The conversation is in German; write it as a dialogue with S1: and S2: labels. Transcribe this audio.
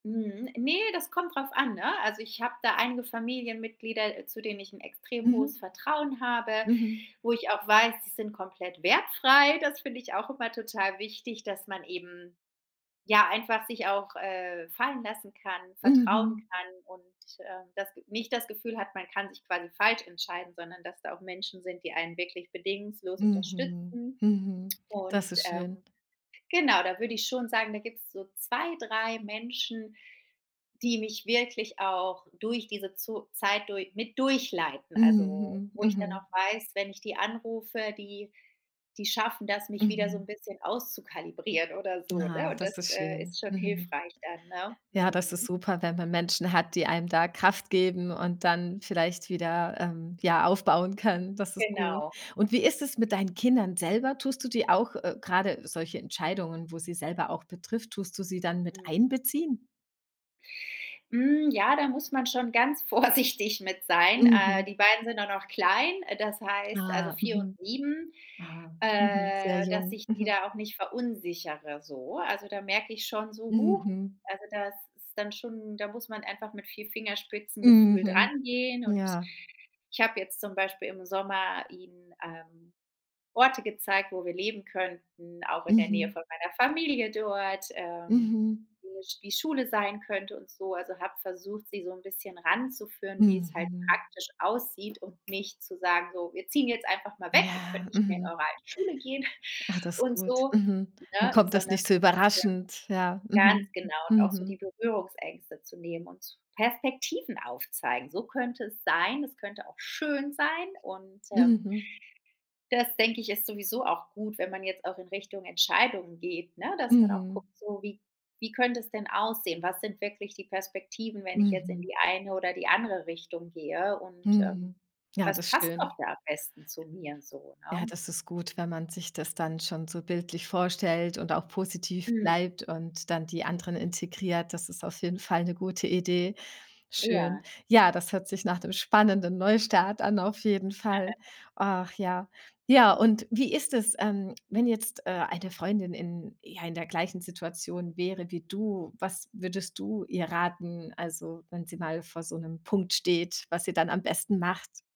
S1: Mhm. Ne, das kommt drauf an, ne? Also, ich habe da einige Familienmitglieder, äh, zu denen ich ’n extrem hohes
S2: Mhm.
S1: Vertrauen habe,
S2: Mhm.
S1: wo ich auch weiß, die sind komplett wertfrei. Das finde ich auch immer total wichtig, dass man eben, ja, einfach sich auch, äh, fallen lassen kann, vertrauen
S2: Mhm.
S1: kann und, äh, das Ge nicht das Gefühl hat, man kann sich quasi falsch entscheiden, sondern dass da auch Menschen sind, die einen wirklich bedingungslos
S2: Mhm.
S1: unterstützen
S2: Mhm. Das
S1: und,
S2: ist
S1: ähm,
S2: schön.
S1: genau, da würde ich schon sagen, da gibt's so 2, 3, Menschen, die mich wirklich auch durch diese Zo Zeit dur mit durchleiten. Also,
S2: Mhm, mhm.
S1: wo ich dann
S2: Mhm.
S1: auch weiß, wenn ich die anrufe, die die schaffen das, mich wieder so 'n
S2: Mhm.
S1: bisschen auszukalibrieren oder so,
S2: Ah,
S1: ne? Und
S2: das
S1: das,
S2: ist
S1: äh,
S2: schön.
S1: ist schon
S2: Mhm.
S1: hilfreich dann, ne?
S2: Ja, das ist
S1: Mhm.
S2: super, wenn man Menschen hat, die einem da Kraft geben und dann vielleicht wieder, ähm, ja, aufbauen können. Das ist gut,
S1: Genau.
S2: und wie ist es mit deinen Kindern selber? Tust du die auch äh, gerade solche Entscheidungen, wo sie selber auch betrifft, tust du sie dann
S1: Mhm.
S2: miteinbeziehen?
S1: Hm, ja, da muss man schon ganz vorsichtig mit sein. Äh,
S2: Mhm.
S1: die Beiden sind auch noch klein, äh, das heißt, also,
S2: Ah,
S1: 4 und
S2: mhm.
S1: 7,
S2: Aha, mhm. Sehr
S1: äh, dass
S2: jung.
S1: ich die
S2: Mhm.
S1: da auch nicht verunsichere, so. Also, da merke ich schon so: „Huch“,
S2: Mhm.
S1: also, das ist dann schon da muss man einfach mit viel Fingerspitzengefühl
S2: Mhm.
S1: dran gehen und
S2: Ja.
S1: ich habe jetzt zum Beispiel im Sommer ihnen, ähm, Orte gezeigt, wo wir leben könnten, auch in der Nähe
S2: Mhm.
S1: von meiner Familie dort, ähm,
S2: Mhm.
S1: [unintelligible] wie Schule sein könnte und so. Also, habe versucht, sie so 'n bisschen ranzuführen, wie es halt
S2: Mhm.
S1: praktisch aussieht und nicht zu sagen: „So, wir ziehen jetzt einfach mal weg. Ihr
S2: Ja,
S1: könnt nicht mehr in
S2: mhm.
S1: eure alte Schule gehen.“,
S2: Ah, das ist
S1: und
S2: gut.
S1: so,
S2: Mhm. Dann
S1: ne,
S2: kommt das
S1: sondern
S2: nicht so
S1: so 'n bisschen
S2: überraschend. Ja,
S1: ganz
S2: mhm,
S1: genau, und auch so
S2: mhm.
S1: die Berührungsängste zu nehmen und z Perspektiven aufzeigen: „So könnte es sein. Es könnte auch schön sein“, und, ähm
S2: Mhm.
S1: das denke ich, ist sowieso auch gut, wenn man jetzt auch in Richtung Entscheidungen geht, ne, dass man auch
S2: Mhm.
S1: guckt, so: „Wie wie könnte es denn aussehen? Was sind wirklich die Perspektiven, wenn ich jetzt in
S2: Mhm.
S1: die eine oder die andere Richtung gehe und, ähm,
S2: Mhm. Ja,
S1: was
S2: das
S1: passt auch
S2: schön.
S1: da am besten zu mir?“, so,
S2: Ja,
S1: ne?
S2: das ist gut, wenn man sich das dann schon so bildlich vorstellt und auch positiv
S1: Mhm.
S2: bleibt und dann die anderen integriert. Das ist auf jeden Fall 'ne gute Idee. Schön.
S1: Ja.
S2: Ja, das hört sich nach dem spannenden Neustart an auf jeden Fall. Ach, ja. Ja, und wie ist es, ähm, wenn jetzt, äh, eine Freundin in ja, in der gleichen Situation wäre wie du, was würdest du ihr raten? Also, wenn sie mal vor so 'nem Punkt steht, was sie dann am besten macht?